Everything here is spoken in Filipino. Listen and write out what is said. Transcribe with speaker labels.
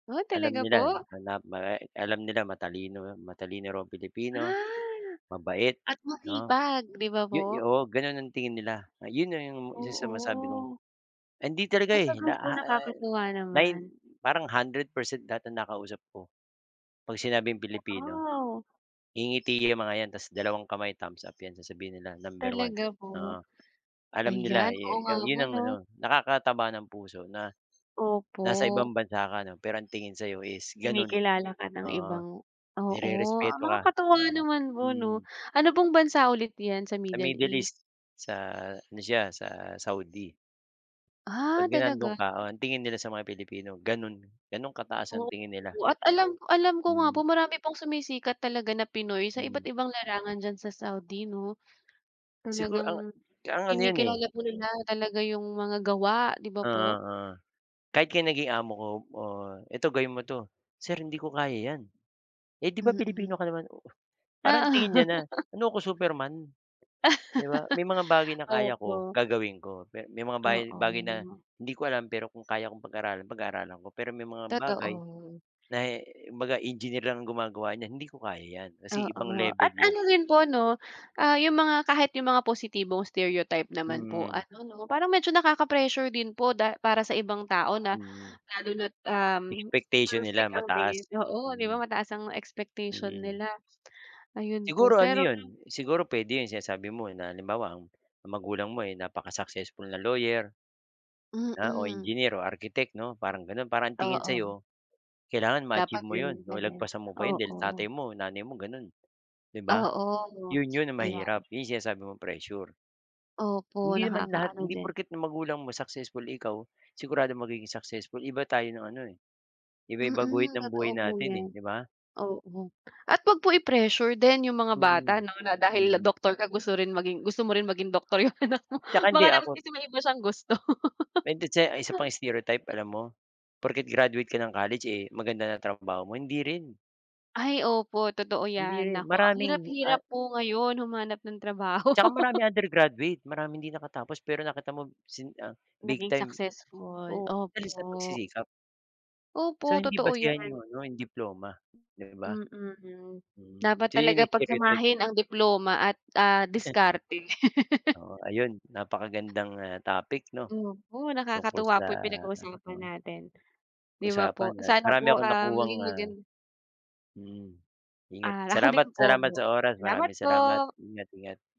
Speaker 1: Oh,
Speaker 2: Alam
Speaker 1: talaga
Speaker 2: nila
Speaker 1: po?
Speaker 2: na ma eh, alam nila matalino o matalino raw ang Pilipino,
Speaker 1: Ah,
Speaker 2: mabait
Speaker 1: at
Speaker 2: 'no.
Speaker 1: masipag 'di ba,
Speaker 2: Yo
Speaker 1: po?
Speaker 2: yo oo gano'n ang tingin nila, ayon na 'yong isa sa masabi kong
Speaker 1: Oo.
Speaker 2: hindi talaga
Speaker 1: Ah,
Speaker 2: eh,
Speaker 1: gano'n
Speaker 2: la,
Speaker 1: po,
Speaker 2: ha, eh,
Speaker 1: nakakatuwa
Speaker 2: nine
Speaker 1: naman.
Speaker 2: parang 100% dati na ang nakausap ko 'pag sinabing Pilipino,
Speaker 1: Wow!
Speaker 2: ngingiti yang mga 'yan tas dalawang kamay thumbs up 'yan sasabihin nila number 1,
Speaker 1: Talaga po,
Speaker 2: oo. Alam nila
Speaker 1: ayan. Oo,
Speaker 2: ye
Speaker 1: nga
Speaker 2: ka
Speaker 1: po,
Speaker 2: 'yon ang
Speaker 1: 'no.
Speaker 2: ano, nakakataba ng puso na nasa
Speaker 1: Opo.
Speaker 2: ibang bansa ka no, pero ang tingin sa'yo is ganun.
Speaker 1: Kinikilala ka ng
Speaker 2: Oo
Speaker 1: ibang oo,
Speaker 2: nirerespeto ka,
Speaker 1: nakakatuwa
Speaker 2: oo,
Speaker 1: naman po, 'no.
Speaker 2: mm.
Speaker 1: Ano pong bansa ulit 'yan sa
Speaker 2: Sa
Speaker 1: Middle
Speaker 2: Middle
Speaker 1: East?
Speaker 2: East, sa ano siya, sa Saudi.
Speaker 1: Ah,
Speaker 2: Pagka nandon
Speaker 1: talaga?
Speaker 2: ka, oh, ang tingin nila sa mga Pilipino ganon, ganon kataas ang
Speaker 1: Opo
Speaker 2: tingin nila.
Speaker 1: at alam alam ko, alam ko nga po
Speaker 2: Mm.
Speaker 1: marami pong sumisikat talaga na Pinoy sa iba't
Speaker 2: Mm.
Speaker 1: ibang larangan diyan sa Saudi, 'no.
Speaker 2: Siguro ang
Speaker 1: Talagang
Speaker 2: ang ano yan eh.
Speaker 1: kinikilala po nila talaga 'yung mga gawa, di ba po?
Speaker 2: Ah kahit kaya naging amo ko, "Oh eto, gawin mo 'to." "Sir hindi ko kaya yan." "Eh, di ba, Pilipino
Speaker 1: Mm.
Speaker 2: ka naman?" Oo. Parang tingin niya
Speaker 1: Oo.
Speaker 2: na, ano ko Superman, di ba? May mga bagay na kaya ko
Speaker 1: Opo.
Speaker 2: gagawin ko. Pe may mga bagay bagay na
Speaker 1: Oo.
Speaker 2: hindi ko alam, pero kung kaya kong pag-aralan, pag-aaralan ko, pero may mga bagay
Speaker 1: Totoo.
Speaker 2: na eh kumbaga engineer lang ang gumagawa niyan hindi ko kaya yan, kasi ibang
Speaker 1: Oo. At
Speaker 2: level yun.
Speaker 1: ano rin po 'no, ah, 'yung mga kahit 'yung mga positibong stereotype naman po
Speaker 2: Mm.
Speaker 1: ano 'no, parang medyo nakaka-pressure din po da para sa ibang tao na
Speaker 2: Mm.
Speaker 1: lalo na't, um,
Speaker 2: Expectation nila
Speaker 1: perfect ang tingin.
Speaker 2: mataas.
Speaker 1: Oo, di ba,
Speaker 2: Mm.
Speaker 1: mataas ang expectation
Speaker 2: Mm.
Speaker 1: nila. Ayun po,
Speaker 2: Siguro ano
Speaker 1: pero
Speaker 2: yun siguro pwede yun sinasabi mo na halimbawa, um, ang magulang mo ay napaka-successful na lawyer na o
Speaker 1: Mm.
Speaker 2: engineer o architect 'no, parang gano'n, parang ang tingin sa
Speaker 1: Oo.
Speaker 2: 'yo kailangan
Speaker 1: Dapat
Speaker 2: ma-achieve mo
Speaker 1: gano'n
Speaker 2: 'yon
Speaker 1: ka
Speaker 2: o
Speaker 1: din,
Speaker 2: lagpasan mo pa 'yon dahil
Speaker 1: oo.
Speaker 2: tatay mo nanay mo gano'n. 'Di ba?
Speaker 1: Oo,
Speaker 2: 'Yon 'yon ang
Speaker 1: ayan.
Speaker 2: mahirap, 'yong sinasabi mong pressure.
Speaker 1: Opo,
Speaker 2: Hindi naman lahat,
Speaker 1: nakakaano
Speaker 2: hindi
Speaker 1: din.
Speaker 2: porket ang magulang mo successful, eh ikaw siguradong magiging successful, iba tayo ng ano eh, iba-iba guhit
Speaker 1: Mm,
Speaker 2: ng buhay
Speaker 1: totoo po
Speaker 2: natin eh,
Speaker 1: 'yan,
Speaker 2: di ba?
Speaker 1: oo. At huwag po i-pressure din 'yung mga bata
Speaker 2: Mm,
Speaker 1: 'no, na dahil
Speaker 2: mm.
Speaker 1: doktor ka gusto rin maging gusto mo rin maging doktor 'yung anak mo,
Speaker 2: Tsaka
Speaker 1: baka
Speaker 2: hindi
Speaker 1: naman
Speaker 2: ako
Speaker 1: kasi may iba siyang gusto.
Speaker 2: Bente che ang isa pang stereotype, alam mo, porket graduate ka ng college, eh, maganda na trabaho mo hindi rin.
Speaker 1: Ay opo, totoo
Speaker 2: Hindi
Speaker 1: 'yan.
Speaker 2: rin,
Speaker 1: Naku ang hirap,
Speaker 2: maraming, ah
Speaker 1: hirap po ngayon humanap ng trabaho.
Speaker 2: Tsaka maraming undergraduate, maraming hindi nakatapos pero nakita mo sin ah, big
Speaker 1: Naging
Speaker 2: time,
Speaker 1: successful,
Speaker 2: oo, dahil sa
Speaker 1: opo.
Speaker 2: pagsisikap. So,
Speaker 1: Opo,
Speaker 2: hindi
Speaker 1: totoo
Speaker 2: basehan
Speaker 1: 'yan.
Speaker 2: yung ano, yung diploma, di ba?
Speaker 1: Mm,
Speaker 2: Mm,
Speaker 1: dapat
Speaker 2: so yun,
Speaker 1: talaga
Speaker 2: eh, stereotype.
Speaker 1: pagsamahin ang diploma at ah, diskarte.
Speaker 2: Oo ayun, napakagandang, ah, topic 'no
Speaker 1: Opo,
Speaker 2: tungkol
Speaker 1: nakakatuwa
Speaker 2: sa
Speaker 1: po 'yung
Speaker 2: ano,
Speaker 1: pinag-uusapan
Speaker 2: oo.
Speaker 1: natin. Di ba,
Speaker 2: Usapan
Speaker 1: po?
Speaker 2: at
Speaker 1: Sana
Speaker 2: marami
Speaker 1: po,
Speaker 2: akong
Speaker 1: ah,
Speaker 2: nakuhang
Speaker 1: maging
Speaker 2: ah
Speaker 1: magan
Speaker 2: mm. Ingat,
Speaker 1: Ah, ako din
Speaker 2: salamat,
Speaker 1: po,
Speaker 2: salamat sa oras,
Speaker 1: salamat
Speaker 2: maraming salamat
Speaker 1: po.
Speaker 2: ingat, ingat.